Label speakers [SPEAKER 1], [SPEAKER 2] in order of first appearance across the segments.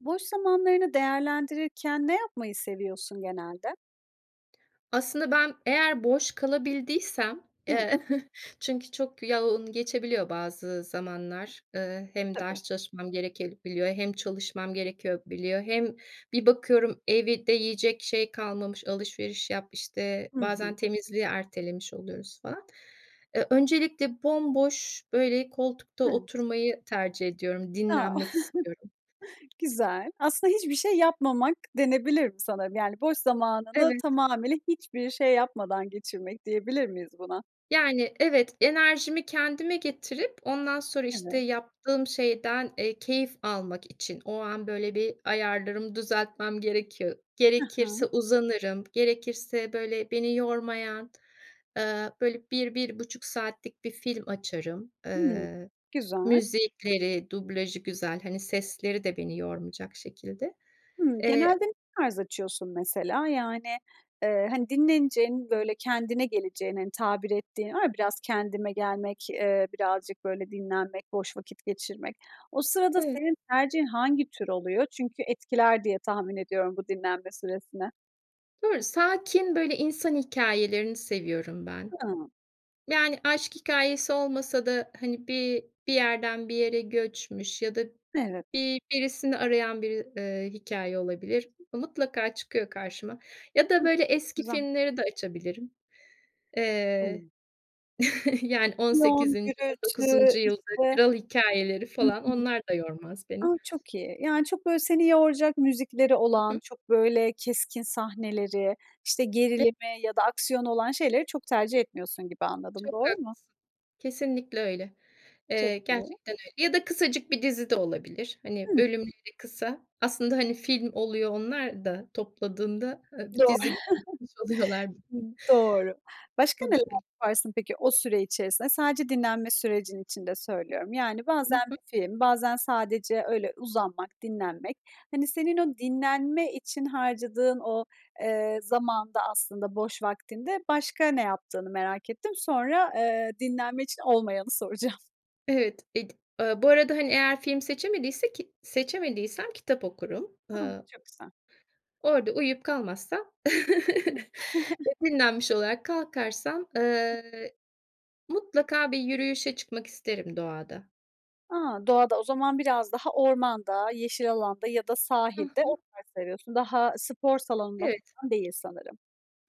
[SPEAKER 1] Boş zamanlarını değerlendirirken ne yapmayı seviyorsun genelde?
[SPEAKER 2] Aslında ben eğer boş kalabildiysem,
[SPEAKER 1] Hı.
[SPEAKER 2] ııı, çünkü çok yoğun geçebiliyor bazı zamanlar. Iıı, hem
[SPEAKER 1] Tabii.
[SPEAKER 2] ders çalışmam gerekebiliyor hem çalışmam gerekebiliyor. Hem bir bakıyorum evde yiyecek şey kalmamış, alışveriş yap, işte,
[SPEAKER 1] Hı
[SPEAKER 2] bazen
[SPEAKER 1] hı.
[SPEAKER 2] temizliği ertelemiş oluyoruz falan. Iıı, öncelikle bomboş, böyle, koltukta
[SPEAKER 1] Evet.
[SPEAKER 2] oturmayı tercih ediyorum,
[SPEAKER 1] A.
[SPEAKER 2] dinlenmek istiyorum.
[SPEAKER 1] Güzel. Aslında hiçbir şey yapmamak denebilir mi sanırım. Yani, boş zamanını
[SPEAKER 2] Evet.
[SPEAKER 1] tamamıyla hiçbir şey yapmadan geçirmek, diyebilir miyiz buna?
[SPEAKER 2] Yani, evet, enerjimi kendime getirip ondan sonra işte
[SPEAKER 1] Evet.
[SPEAKER 2] yaptığım şeyden, eee, keyif almak için o an böyle bir ayarlarımı düzeltmem gerekiyor.
[SPEAKER 1] Hı hı.
[SPEAKER 2] Gerekirse uzanırım, gerekirse, böyle, beni yormayan, ııı, böyle, 1-1,5 saatlik bir film açarım.
[SPEAKER 1] Hıı.
[SPEAKER 2] Iıı,
[SPEAKER 1] Güzel.
[SPEAKER 2] müzikleri, dublajı güzel, hani, sesleri de beni yormayacak şekilde.
[SPEAKER 1] Hımm,
[SPEAKER 2] Eee
[SPEAKER 1] genelde ne tarz açıyorsun, mesela? Yani, ııı, hani, dinleneceğin, böyle, kendine geleceğin, hani, tabir ettiğin var ya biraz kendime gelmek, ııı, birazcık, böyle, dinlenmek, boş vakit geçirmek. O sırada
[SPEAKER 2] Evet.
[SPEAKER 1] senin tercihin hangi tür oluyor? Çünkü etkiler diye tahmin ediyorum bu dinlenme süresini.
[SPEAKER 2] Doğru, sakin, böyle, insan hikâyelerini seviyorum ben.
[SPEAKER 1] Hıı.
[SPEAKER 2] Yani, aşk hikâyesi olmasa da, hani, bi bir yerden bir yere göçmüş ya da
[SPEAKER 1] Evet.
[SPEAKER 2] bi birisini arayan biri, ııı, hikâye olabilir. Mutlaka çıkıyor karşıma ya da,
[SPEAKER 1] Hıı.
[SPEAKER 2] böyle,
[SPEAKER 1] Çok
[SPEAKER 2] eski
[SPEAKER 1] güzel.
[SPEAKER 2] filmleri de açabilirim.
[SPEAKER 1] Hıı.
[SPEAKER 2] Eee, Yani, on
[SPEAKER 1] Aksiyon,
[SPEAKER 2] sekizinci on
[SPEAKER 1] gürültü,
[SPEAKER 2] dokuzuncu yılda
[SPEAKER 1] işte
[SPEAKER 2] kral hikâyeleri
[SPEAKER 1] Hı
[SPEAKER 2] falan
[SPEAKER 1] hı.
[SPEAKER 2] onlar da yormaz
[SPEAKER 1] A!
[SPEAKER 2] beni.
[SPEAKER 1] Çok iyi. Yani, çok, böyle, seni yoracak müzikleri
[SPEAKER 2] Hı
[SPEAKER 1] olan,
[SPEAKER 2] hı.
[SPEAKER 1] çok, böyle, keskin sahneleri, işte,
[SPEAKER 2] E
[SPEAKER 1] gerilimi ya da aksiyonu olan şeyleri çok tercih etmiyorsun gibi anladım,
[SPEAKER 2] Çok
[SPEAKER 1] doğru mu?
[SPEAKER 2] haklısın. Kesinlikle öyle.
[SPEAKER 1] Çok
[SPEAKER 2] Eee,
[SPEAKER 1] iyi.
[SPEAKER 2] gerçekten öyle. Ya da kısacık bir dizi de olabilir, hani,
[SPEAKER 1] Hıı.
[SPEAKER 2] bölümleri kısa. Aslında, hani, film oluyor onlar da topladığında, ııı,
[SPEAKER 1] Doğ
[SPEAKER 2] dizi gibi bir şey oluyorlar.
[SPEAKER 1] Doğru. Başka
[SPEAKER 2] O da
[SPEAKER 1] neler
[SPEAKER 2] öyle.
[SPEAKER 1] yaparsın peki, o süre içerisinde? Sadece dinlenme sürecin içinde söylüyorum. Yani,
[SPEAKER 2] I
[SPEAKER 1] bazen
[SPEAKER 2] hı.
[SPEAKER 1] bir film, bazen sadece öyle uzanmak, dinlenmek, hani, senin o dinlenme için harcadığın o, eee, zamanında, aslında boş vaktinde başka ne yaptığını merak ettim. Sonra, ııı, dinlenme için olmayanı soracağım.
[SPEAKER 2] Evet, et aaa, bu arada hani eğer film seçemediysek seçemediysem kitap okurum.
[SPEAKER 1] Ha,
[SPEAKER 2] Iıı
[SPEAKER 1] çok güzel.
[SPEAKER 2] Orada uyuyup kalmazsam
[SPEAKER 1] Hımm.
[SPEAKER 2] ve dinlenmiş olarak kalkarsam, ııı, mutlaka bir yürüyüşe çıkmak isterim doğada.
[SPEAKER 1] A! Doğada o zaman biraz daha ormanda, yeşil alanda ya da
[SPEAKER 2] Hı
[SPEAKER 1] sahilde o
[SPEAKER 2] hı.
[SPEAKER 1] tarz seviyorsun. Daha spor salonunda
[SPEAKER 2] Evet.
[SPEAKER 1] falan değil sanırım.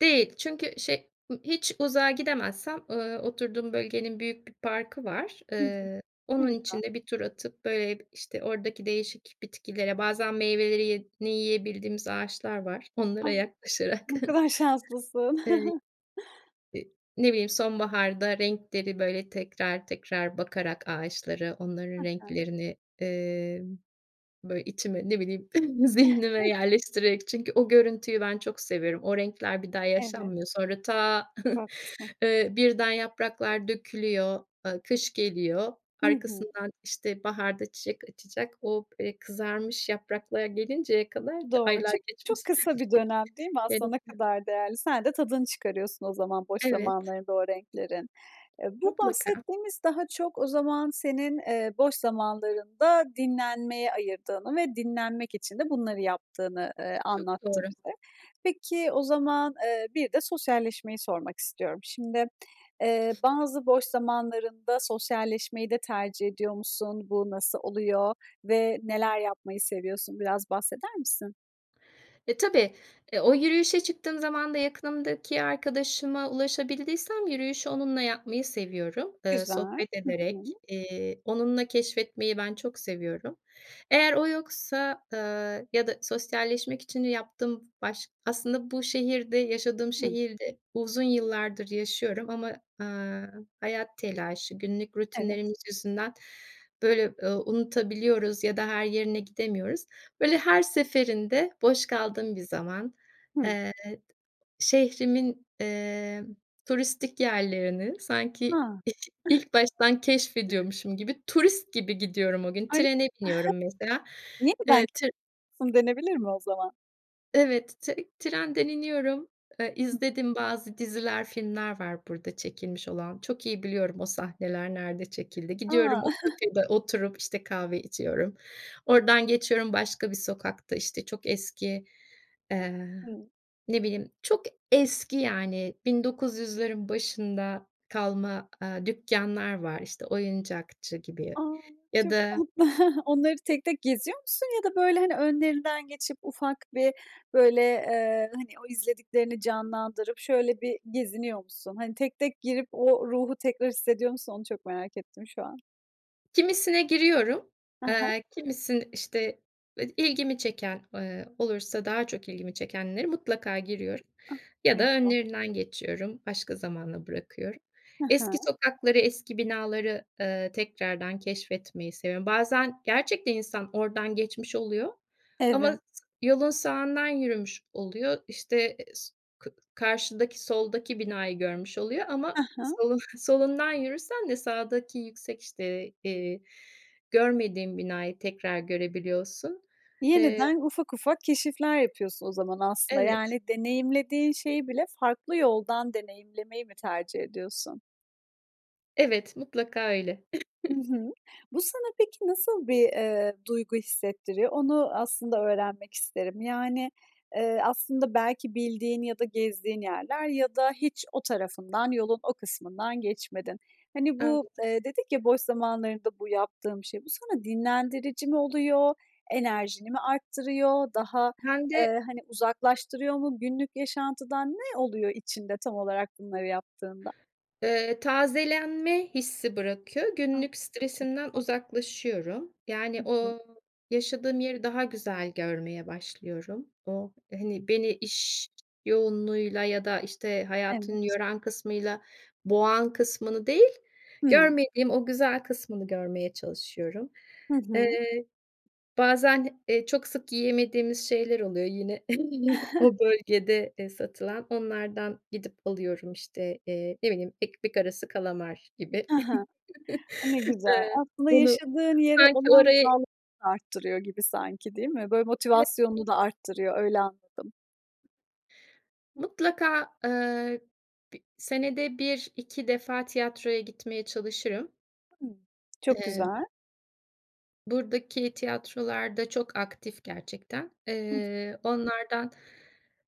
[SPEAKER 2] Değil çünkü şey ı hiç uzağa gidemezsem, ııı, oturduğum bölgenin büyük bir parkı var.
[SPEAKER 1] Hı hı.
[SPEAKER 2] Iıı,
[SPEAKER 1] Ne
[SPEAKER 2] onun
[SPEAKER 1] güzel.
[SPEAKER 2] için de bir tur atıp, böyle, işte, oradaki değişik bitkilere, bazen meyvelerini yiyebildiğimiz ağaçlar var. Onlara
[SPEAKER 1] Ah!
[SPEAKER 2] yaklaşarak,
[SPEAKER 1] Ne kadar şanslısın.
[SPEAKER 2] ııı, ı ne bileyim, sonbaharda renkleri, böyle, tekrar tekrar bakarak ağaçları,
[SPEAKER 1] Hı
[SPEAKER 2] onların
[SPEAKER 1] hı.
[SPEAKER 2] renklerini, ııı, böyle, içime, ne bileyim, zihnime yerleştirerek çünkü o görüntüyü ben çok seviyorum. O renkler bir daha
[SPEAKER 1] Evet.
[SPEAKER 2] yaşanmıyor. Sonra, ta,
[SPEAKER 1] Çok haklısın.
[SPEAKER 2] ııı, birden yapraklar dökülüyor, ııı, kış geliyor.
[SPEAKER 1] Hı hı.
[SPEAKER 2] Arkasından işte baharda çiçek açacak. O, eee, kızarmış yapraklar gelinceye kadar da
[SPEAKER 1] Doğru.
[SPEAKER 2] aylar
[SPEAKER 1] Çık çok
[SPEAKER 2] geçmesi
[SPEAKER 1] kısa bir dönem, değil mi? Aslında ne
[SPEAKER 2] gerekiyor.
[SPEAKER 1] kadar değerli? Sen de tadını çıkarıyorsun o zaman boş
[SPEAKER 2] Evet.
[SPEAKER 1] zamanlarında o renklerin. Eee, bu
[SPEAKER 2] Mutlaka.
[SPEAKER 1] bahsettiğimiz daha çok o zaman senin, eee, boş zamanlarında dinlenmeye ayırdığını ve dinlenmek için de bunları yaptığını, eee,
[SPEAKER 2] Çok
[SPEAKER 1] anlattı
[SPEAKER 2] doğru.
[SPEAKER 1] bize. Peki o zaman, eee, bir de sosyalleşmeyi sormak istiyorum. Şimdi, eee, bazı boş zamanlarında sosyalleşmeyi de tercih ediyor musun? Bu nasıl oluyor ve neler yapmayı seviyorsun? Biraz bahseder misin?
[SPEAKER 2] E, tabii, eee, o yürüyüşe çıktığım zamanda yakınımdaki arkadaşıma ulaşabildiysem yürüyüşü onunla yapmayı seviyorum, ııı,
[SPEAKER 1] Güzel,
[SPEAKER 2] sohbet
[SPEAKER 1] hı
[SPEAKER 2] ederek,
[SPEAKER 1] hı.
[SPEAKER 2] eee, onunla keşfetmeyi ben çok seviyorum. Eğer o yoksa, aaa ya da sosyalleşmek için yaptığım baş Aslında bu şehirde yaşadığım
[SPEAKER 1] Hı.
[SPEAKER 2] şehirde uzun yıllardır yaşıyorum ama, aaa, hayat telaşı, günlük
[SPEAKER 1] Evet.
[SPEAKER 2] rutinlerimiz yüzünden, böyle, eee, unutabiliyoruz ya da her yerine gidemiyoruz. Böyle, her seferinde boş kaldığım bir zaman,
[SPEAKER 1] Hı.
[SPEAKER 2] eee, şehrimin, eee, turistik yerlerini sanki
[SPEAKER 1] A!
[SPEAKER 2] [unintelligible] ilk baştan keşfediyormuşum gibi, turist gibi gidiyorum o gün,
[SPEAKER 1] Ay
[SPEAKER 2] trene biniyorum mesela, eee, tir
[SPEAKER 1] [unintelligible] Denebilir mi o zaman?
[SPEAKER 2] Evet, tey trenden iniyorum, eee,
[SPEAKER 1] Hı.
[SPEAKER 2] izlediğim bazı diziler, filmler var burada çekilmiş olan. Çok iyi biliyorum o sahneler nerede çekildi.
[SPEAKER 1] A!
[SPEAKER 2] Gidiyorum, o kafede oturup, işte, kahve içiyorum. Oradan geçiyorum başka bir sokakta, işte, çok eski, eee,
[SPEAKER 1] Hı.
[SPEAKER 2] ne bileyim, çok eski yani, 1900’lerin başında kalma, aaa, dükkânlar var, işte, oyuncakçı gibi ya
[SPEAKER 1] A!
[SPEAKER 2] ya
[SPEAKER 1] Çok
[SPEAKER 2] da
[SPEAKER 1] tatlı. Onları tek tek geziyor musun ya da, böyle, hani, önlerinden geçip ufak bir, böyle, eee, hani, o izlediklerini canlandırıp şöyle bir geziniyor musun? Hani, tek tek girip o ruhu tekrar hissediyor musun onu çok merak ettim şu an.
[SPEAKER 2] Kimisine giriyorum,
[SPEAKER 1] Ha ha.
[SPEAKER 2] aaa, kimisini, işte, ilgimi çeken, eee, olursa daha çok ilgimi çekenlere mutlaka giriyorum ya
[SPEAKER 1] Ne
[SPEAKER 2] da
[SPEAKER 1] güzel.
[SPEAKER 2] önlerinden geçiyorum, başka zamana bırakıyorum.
[SPEAKER 1] Hı hı.
[SPEAKER 2] Eski sokakları, eski binaları, ııı, tekrardan keşfetmeyi seviyorum. Bazen gerçekten insan oradan geçmiş oluyor
[SPEAKER 1] Evet.
[SPEAKER 2] ama yolun sağından yürümüş oluyor. İşte, eee, s kı karşıdaki soldaki binayı görmüş oluyor
[SPEAKER 1] Ha
[SPEAKER 2] ama
[SPEAKER 1] ha.
[SPEAKER 2] solu solundan yürürsen de sağdaki yüksek, işte, eee, görmediğin binayı tekrar görebiliyorsun, eee
[SPEAKER 1] Yeniden ufak ufak keşifler yapıyorsun o zaman aslında.
[SPEAKER 2] Evet.
[SPEAKER 1] Yani deneyimlediğin şeyi bile farklı yoldan deneyimlemeyi mi tercih ediyorsun?
[SPEAKER 2] Evet, mutlaka öyle.
[SPEAKER 1] Hı hı. Bu sana peki nasıl bir, ııı, duygu hissettiriyor? Onu aslında öğrenmek isterim. Yani, ııı, aslında belki bildiğin ya da gezdiğin yerler ya da hiç o tarafından yolun o kısmından geçmedin. Hani, bu,
[SPEAKER 2] Anladım.
[SPEAKER 1] ııı, dedik ya, boş zamanlarında bu yaptığım şey, bu sana dinlendirici mi oluyor, enerjini mi arttırıyor, daha,
[SPEAKER 2] Ben
[SPEAKER 1] ııı,
[SPEAKER 2] de
[SPEAKER 1] hani, uzaklaştırıyor mu, günlük yaşantıdan? Ne oluyor içinde, tam olarak bunları yaptığında?
[SPEAKER 2] Iıı, tazelenme hissi bırakıyor.
[SPEAKER 1] A!
[SPEAKER 2] Günlük
[SPEAKER 1] Çok
[SPEAKER 2] stresimden
[SPEAKER 1] güzel.
[SPEAKER 2] uzaklaşıyorum. Yani,
[SPEAKER 1] Hı hı.
[SPEAKER 2] o yaşadığım yeri daha güzel görmeye başlıyorum. O, hani, beni iş yoğunluğuyla ya da, işte,
[SPEAKER 1] Evet.
[SPEAKER 2] hayatın yoran kısmıyla boğan kısmını değil,
[SPEAKER 1] Hımm.
[SPEAKER 2] görmediğim o güzel kısmını görmeye çalışıyorum.
[SPEAKER 1] Hı hı.
[SPEAKER 2] Eee, bazen, eee, çok sık yiyemediğimiz şeyler oluyor yine o bölgede, ııı, satılan. Onlardan gidip alıyorum, işte, eee, ne bileyim, ekmek arası kalamar gibi.
[SPEAKER 1] Hı hı. A, ne güzel.
[SPEAKER 2] Iıı,
[SPEAKER 1] Aslında
[SPEAKER 2] bunu
[SPEAKER 1] yaşadığın yere
[SPEAKER 2] sanki
[SPEAKER 1] olan
[SPEAKER 2] oraya
[SPEAKER 1] bağlılığını da arttırıyor gibi sanki, değil mi? Böyle
[SPEAKER 2] [unintelligible]
[SPEAKER 1] motivasyonunu da arttırıyor, öyle anladım.
[SPEAKER 2] Mutlaka, ııı, bi senede 1-2 defa tiyatroya gitmeye çalışırım.
[SPEAKER 1] [unintelligible] Çok
[SPEAKER 2] Eee
[SPEAKER 1] güzel.
[SPEAKER 2] Buradaki tiyatrolar da çok aktif gerçekten.
[SPEAKER 1] Hı.
[SPEAKER 2] Eee, onlardan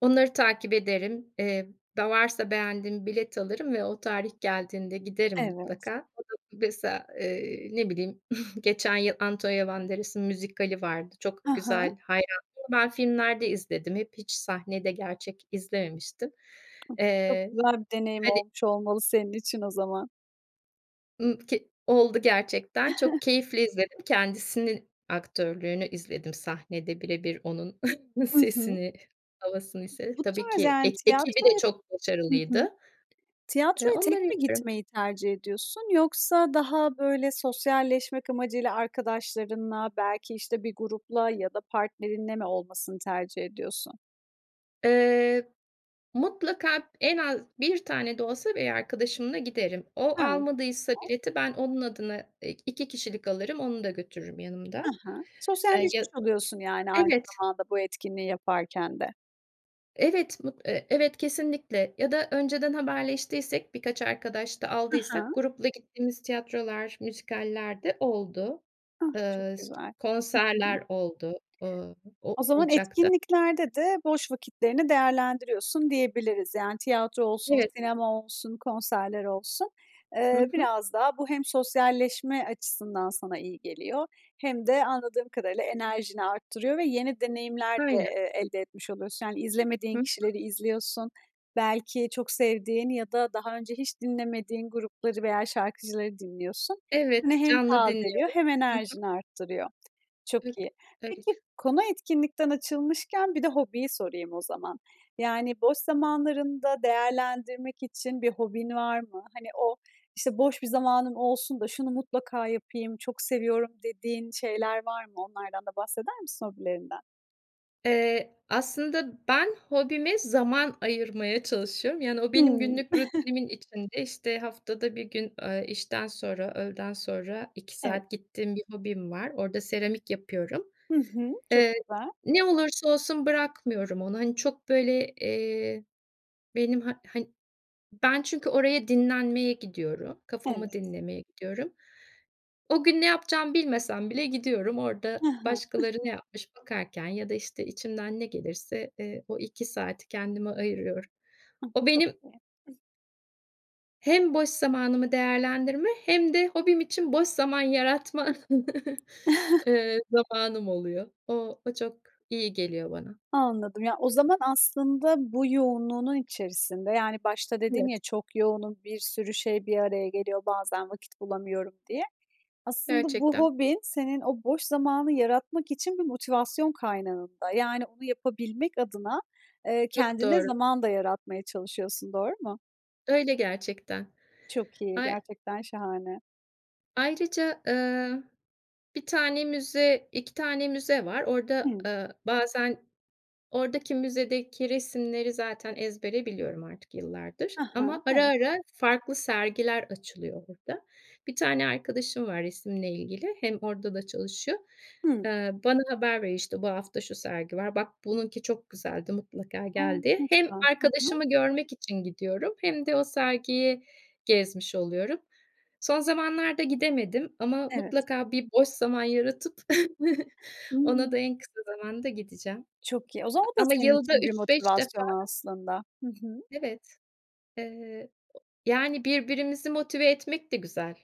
[SPEAKER 2] onları takip ederim. Eee, da varsa beğendiğim bilet alırım ve o tarih geldiğinde giderim
[SPEAKER 1] Evet.
[SPEAKER 2] mutlaka. [unintelligible] Mesela, eee, ne bileyim, geçen yıl Antonio Banderas'ın müzikali vardı, çok
[SPEAKER 1] I hı.
[SPEAKER 2] güzel, hayranıyım ama ben filmlerde izledim hep, hiç sahnede gerçek izlememiştim.
[SPEAKER 1] Çok
[SPEAKER 2] Eee,
[SPEAKER 1] güzel bir deneyim
[SPEAKER 2] hani
[SPEAKER 1] olmuş olmalı senin için o zaman.
[SPEAKER 2] Imm, ke Oldu gerçekten, çok keyifle izledim, kendisinin aktörlüğünü izledim, sahnede bire bir onun
[SPEAKER 1] Hı hı.
[SPEAKER 2] sesini, havasını izledim.
[SPEAKER 1] Bu
[SPEAKER 2] Tabii
[SPEAKER 1] tarz,
[SPEAKER 2] ki e
[SPEAKER 1] yani,
[SPEAKER 2] ekibi de
[SPEAKER 1] tiyatroya
[SPEAKER 2] çok
[SPEAKER 1] Hı hı.
[SPEAKER 2] başarılıydı. Eee,
[SPEAKER 1] Tiyatroya
[SPEAKER 2] onları
[SPEAKER 1] tek mi
[SPEAKER 2] yapıyorum.
[SPEAKER 1] gitmeyi tercih ediyorsun? Yoksa daha, böyle, sosyalleşmek amacıyla arkadaşlarınla belki, işte, bir grupla ya da partnerinle mi olmasını tercih ediyorsun?
[SPEAKER 2] Eee, mutlaka en az 1 tane de olsa bir arkadaşımla giderim.
[SPEAKER 1] He,
[SPEAKER 2] O,
[SPEAKER 1] tamam.
[SPEAKER 2] almadıysa bileti ben onun adına, eee, 2 kişilik alırım, onu da götürürüm yanımda.
[SPEAKER 1] Hı hı.
[SPEAKER 2] Eee,
[SPEAKER 1] Sosyalleşmiş
[SPEAKER 2] ya
[SPEAKER 1] oluyorsun, yani, aynı
[SPEAKER 2] Evet.
[SPEAKER 1] zamanda bu etkinliği yaparken de.
[SPEAKER 2] Evet mut eee, evet, kesinlikle. Ya da önceden haberleştiysek, birkaç arkadaş da
[SPEAKER 1] Hı
[SPEAKER 2] aldıysak
[SPEAKER 1] hı.
[SPEAKER 2] grupla gittiğimiz tiyatrolar, müzikaller de oldu.
[SPEAKER 1] Ah! Çok
[SPEAKER 2] Iıı, s
[SPEAKER 1] güzel. Hı hı.
[SPEAKER 2] konserler oldu, ııı,
[SPEAKER 1] O zaman
[SPEAKER 2] o-olacak da.
[SPEAKER 1] etkinliklerde de boş vakitlerini değerlendiriyorsun diyebiliriz. Yani, tiyatro olsun,
[SPEAKER 2] Evet.
[SPEAKER 1] sinema olsun, konserler olsun.
[SPEAKER 2] Hı
[SPEAKER 1] Eee,
[SPEAKER 2] hı.
[SPEAKER 1] biraz daha bu hem sosyalleşme açısından sana iyi geliyor hem de anladığım kadarıyla enerjini arttırıyor ve yeni deneyimler de,
[SPEAKER 2] Aynen.
[SPEAKER 1] eee, elde etmiş oluyorsun. Yani,
[SPEAKER 2] Hı
[SPEAKER 1] izlemediğin kişileri
[SPEAKER 2] hı.
[SPEAKER 1] izliyorsun, belki çok sevdiğin ya da daha önce hiç dinlemediğin grupları veya şarkıcıları dinliyorsun.
[SPEAKER 2] Evet,
[SPEAKER 1] Seni hem
[SPEAKER 2] canlı
[SPEAKER 1] tazeliyor
[SPEAKER 2] dinliyorum.
[SPEAKER 1] hem
[SPEAKER 2] Hı hı.
[SPEAKER 1] enerjini arttırıyor. Çok iyi. Peki,
[SPEAKER 2] [unintelligible]
[SPEAKER 1] konu etkinlikten açılmışken bir de hobiyi sorayım o zaman. Yani, boş zamanlarında değerlendirmek için bir hobin var mı? Hani, o, işte, "Boş bir zamanım olsun da şunu mutlaka yapayım, çok seviyorum" dediğin şeyler var mı? Onlardan da bahseder misin, hobilerinden?
[SPEAKER 2] Eee, aslında ben hobime zaman ayırmaya çalışıyorum. Yani, o benim
[SPEAKER 1] Hıı.
[SPEAKER 2] günlük rutinimin içinde. İşte, haftada 1 gün, eee, işten sonra, öğleden sonra 2
[SPEAKER 1] Evet.
[SPEAKER 2] saat gittiğim bir hobim var, orada seramik yapıyorum.
[SPEAKER 1] Hı hı. Çok
[SPEAKER 2] Eee,
[SPEAKER 1] güzel.
[SPEAKER 2] ne olursa olsun bırakmıyorum onu, hani, çok böyle, eee, benim ha han Ben, çünkü oraya dinlenmeye gidiyorum, kafamı
[SPEAKER 1] Evet.
[SPEAKER 2] dinlemeye gidiyorum. O gün ne yapacağımı bilmesem bile gidiyorum, orada
[SPEAKER 1] Hı hı.
[SPEAKER 2] başkaları ne yapmış bakarken ya da, işte, içimden ne gelirse, eee, o 2 saati kendime ayırıyorum.
[SPEAKER 1] Ah,
[SPEAKER 2] O
[SPEAKER 1] çok
[SPEAKER 2] benim
[SPEAKER 1] iyi. Hıh.
[SPEAKER 2] hem boş zamanımı değerlendirme hem de hobim
[SPEAKER 1] [unintelligible]
[SPEAKER 2] için boş zaman yaratma, eee, zamanım oluyor. O o, çok iyi geliyor bana.
[SPEAKER 1] Anladım. Ya, o zaman aslında bu yoğunluğunun içerisinde, yani, başta dedin ya,
[SPEAKER 2] Evet.
[SPEAKER 1] "Çok yoğunum, bir sürü şey bir araya geliyor, bazen vakit bulamıyorum" diye. Aslında bu
[SPEAKER 2] Gerçekten.
[SPEAKER 1] hobin senin o boş zamanı yaratmak için bir motivasyon kaynağın da. Yani, onu yapabilmek adına, eee,
[SPEAKER 2] Çok
[SPEAKER 1] kendine
[SPEAKER 2] doğru.
[SPEAKER 1] zaman da yaratmaya çalışıyorsun, doğru mu?
[SPEAKER 2] Öyle gerçekten.
[SPEAKER 1] Çok iyi,
[SPEAKER 2] Ay
[SPEAKER 1] gerçekten şahane.
[SPEAKER 2] Ayrıca, ııı, 1 tane müze, 2 tane müze var. Orada,
[SPEAKER 1] Hıı.
[SPEAKER 2] ııı, bazen oradaki, müzedeki resimleri zaten ezbere biliyorum artık yıllardır
[SPEAKER 1] Hı hı.
[SPEAKER 2] ama ara
[SPEAKER 1] Evet.
[SPEAKER 2] ara farklı sergiler açılıyor burada. Bir tane arkadaşım var, resimle ilgili hem orada da çalışıyor.
[SPEAKER 1] Hıı.
[SPEAKER 2] Eee, bana haber veriyor, işte, "Bu hafta şu sergi var, bak bununki çok güzeldi, mutlaka
[SPEAKER 1] A!
[SPEAKER 2] gel" diye.
[SPEAKER 1] Ne
[SPEAKER 2] Hem
[SPEAKER 1] güzel. Hı hı.
[SPEAKER 2] arkadaşımı görmek için gidiyorum hem de o sergiyi gezmiş oluyorum. Son zamanlarda gidemedim ama
[SPEAKER 1] Evet.
[SPEAKER 2] mutlaka bir boş zaman yaratıp ona da
[SPEAKER 1] Hıı.
[SPEAKER 2] en kısa zamanda gideceğim.
[SPEAKER 1] Çok iyi. O zaman
[SPEAKER 2] A
[SPEAKER 1] o da
[SPEAKER 2] ama
[SPEAKER 1] senin
[SPEAKER 2] yılda
[SPEAKER 1] için bir
[SPEAKER 2] 3-5 defa
[SPEAKER 1] motivasyon aslında. Hı hı.
[SPEAKER 2] Evet. Eee, yani, birbirimizi motive etmek de güzel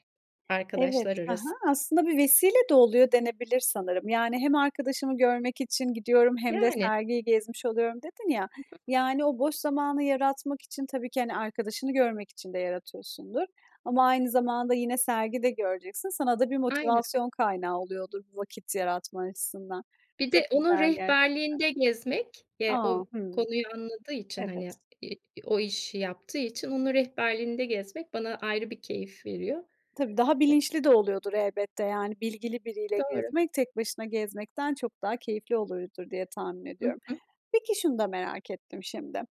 [SPEAKER 1] Evet.
[SPEAKER 2] arkadaşlar
[SPEAKER 1] Hı
[SPEAKER 2] arasında.
[SPEAKER 1] hı. Aslında bir vesile de oluyor denebilir sanırım. Yani, "Hem arkadaşımı görmek için gidiyorum hem de
[SPEAKER 2] Yani.
[SPEAKER 1] sergiyi gezmiş oluyorum" dedin ya.
[SPEAKER 2] Hı hı.
[SPEAKER 1] Yani, o boş zamanı yaratmak için tabii ki, hani, arkadaşını görmek için de yaratıyorsundur. Ama aynı zamanda yine sergi de göreceksin. Sana da bir
[SPEAKER 2] Aynen.
[SPEAKER 1] motivasyon kaynağı oluyordur bu vakit yaratma açısından.
[SPEAKER 2] Bir
[SPEAKER 1] Çok
[SPEAKER 2] de onun
[SPEAKER 1] güzel gerçekten.
[SPEAKER 2] rehberliğinde gezmek, eee,
[SPEAKER 1] A!
[SPEAKER 2] o
[SPEAKER 1] Hıı.
[SPEAKER 2] konuyu anladığı için,
[SPEAKER 1] Evet.
[SPEAKER 2] hani, iii, iii, o işi yaptığı için onun rehberliğinde gezmek bana ayrı bir keyif veriyor.
[SPEAKER 1] Tabii, daha bilinçli de oluyordur elbette, yani, bilgili biriyle
[SPEAKER 2] Doğru.
[SPEAKER 1] gezmek, tek başına gezmekten çok daha keyifli oluyordur diye tahmin
[SPEAKER 2] I
[SPEAKER 1] ediyorum.
[SPEAKER 2] hı.
[SPEAKER 1] Peki, şunu da merak ettim şimdi.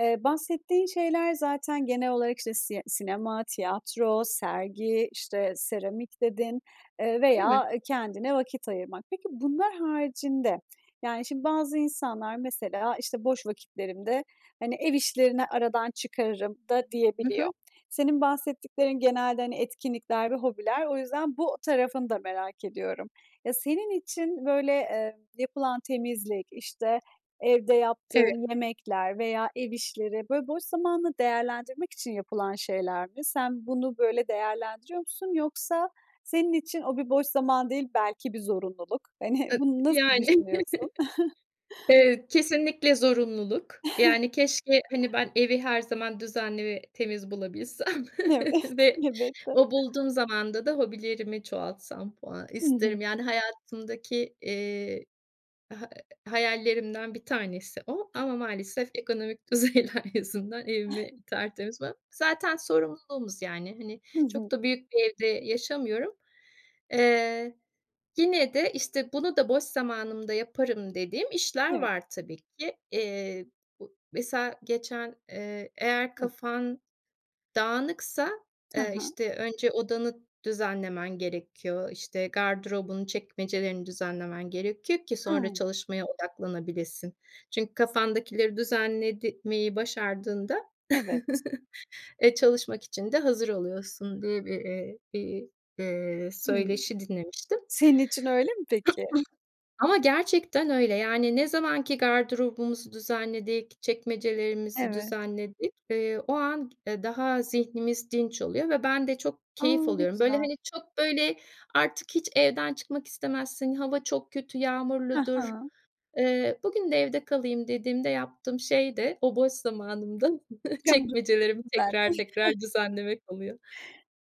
[SPEAKER 1] Eee, bahsettiğin şeyler zaten genel olarak işte sie sinema, tiyatro, sergi, işte, seramik dedin, eee,
[SPEAKER 2] Değil
[SPEAKER 1] veya,
[SPEAKER 2] mi?
[SPEAKER 1] eee, kendine vakit ayırmak. Peki, bunlar haricinde, yani, şimdi bazı insanlar mesela, işte, "Boş vakitlerimde, hani, ev işlerini aradan çıkarırım" da
[SPEAKER 2] Hı hı.
[SPEAKER 1] diyebiliyor. Senin bahsettiklerin genelde, hani, etkinlikler ve hobiler o yüzden bu tarafını da merak ediyorum. Ya, senin için böyle, eee, yapılan temizlik, işte, evde
[SPEAKER 2] Evet.
[SPEAKER 1] yaptığın yemekler veya ev işleri, böyle, boş zamanını değerlendirmek için yapılan şeyler mi? Sen, bunu böyle değerlendiriyor musun yoksa senin için o bir boş zaman değil, belki bir zorunluluk. Hani,
[SPEAKER 2] Ev
[SPEAKER 1] bunu nasıl
[SPEAKER 2] yani.
[SPEAKER 1] düşünüyorsun?
[SPEAKER 2] Eee, kesinlikle zorunluluk. Yani, keşke, hani, ben evi her zaman düzenli ve temiz bulabilsem
[SPEAKER 1] Evet,
[SPEAKER 2] ve
[SPEAKER 1] elbette.
[SPEAKER 2] o bulduğum zamanda da hobilerimi çoğaltsam falan
[SPEAKER 1] Hı hı.
[SPEAKER 2] isterim. Yani, hayatımdaki, eee, ha eee, hayallerimden 1 tanesi o. Ama maalesef ekonomik düzeyler yüzünden evimi tertemiz. [unintelligible] Zaten sorumluluğumuz, yani, hani,
[SPEAKER 1] Hı hı.
[SPEAKER 2] çok da büyük bir evde yaşamıyorum. Eee, yine de, işte, "Bunu da boş zamanımda yaparım" dediğim işler
[SPEAKER 1] Evet.
[SPEAKER 2] var tabii ki. Eee, bu mesela geçen, eee, eğer
[SPEAKER 1] Hıı.
[SPEAKER 2] kafan dağınıksa,
[SPEAKER 1] Hı
[SPEAKER 2] eee,
[SPEAKER 1] hı.
[SPEAKER 2] işte, önce odanı düzenlemen gerekiyor. İşte, gardırobun çekmecelerini düzenlemen gerekiyor ki sonra
[SPEAKER 1] Hıı.
[SPEAKER 2] çalışmaya odaklanabilesin. Çünkü kafandakileri düzenlemeyi başardığında,
[SPEAKER 1] Evet.
[SPEAKER 2] eee, çalışmak için de hazır oluyorsun diye bir, eee, bir, eee,
[SPEAKER 1] Hıı.
[SPEAKER 2] söyleşi dinlemiştim.
[SPEAKER 1] Senin için öyle mi peki?
[SPEAKER 2] Ama gerçekten öyle, yani, ne zaman ki gardırobumuzu düzenledik, çekmecelerimizi
[SPEAKER 1] Evet.
[SPEAKER 2] düzenledik, eee, o an, eee, daha zihnimiz dinç oluyor ve ben de çok
[SPEAKER 1] A!
[SPEAKER 2] keyif
[SPEAKER 1] Ne
[SPEAKER 2] alıyorum. Böyle,
[SPEAKER 1] güzel.
[SPEAKER 2] hani, çok, böyle, artık hiç evden çıkmak istemezsin, hava çok kötü,
[SPEAKER 1] Hı
[SPEAKER 2] yağmurludur,
[SPEAKER 1] hı.
[SPEAKER 2] eee, "Bugün de evde kalayım" dediğimde yaptığım şey de o boş zamanımda çekmecelerimi
[SPEAKER 1] [unintelligible]
[SPEAKER 2] tekrar tekrar düzenlemek oluyor.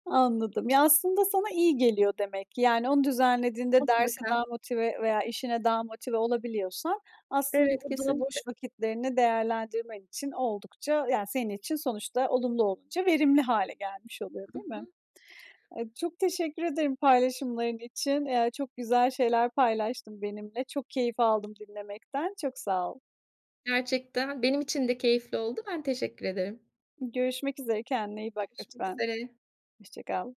[SPEAKER 1] Anladım. Ya, aslında sana iyi geliyor demek ki. Yani, onu düzenlediğinde derse
[SPEAKER 2] Mutlaka.
[SPEAKER 1] daha motive veya işine daha motive olabiliyorsan aslında
[SPEAKER 2] Evet,
[SPEAKER 1] o da
[SPEAKER 2] kesinlikle.
[SPEAKER 1] boş vakitlerini değerlendirmen için oldukça, yani, senin için sonuçta olumlu olunca verimli hâle gelmiş oluyor,
[SPEAKER 2] Hı
[SPEAKER 1] değil mi?
[SPEAKER 2] hı.
[SPEAKER 1] Eee, çok teşekkür ederim paylaşımların için. Ya, çok güzel şeyler paylaştın benimle, çok keyif aldım dinlemekten, çok sağ ol.
[SPEAKER 2] Gerçekten benim için de keyifli oldu. Ben, teşekkür ederim.
[SPEAKER 1] Görüşmek üzere, kendine iyi bak
[SPEAKER 2] Görüşmek
[SPEAKER 1] lütfen.
[SPEAKER 2] üzere.
[SPEAKER 1] Hoşça kal.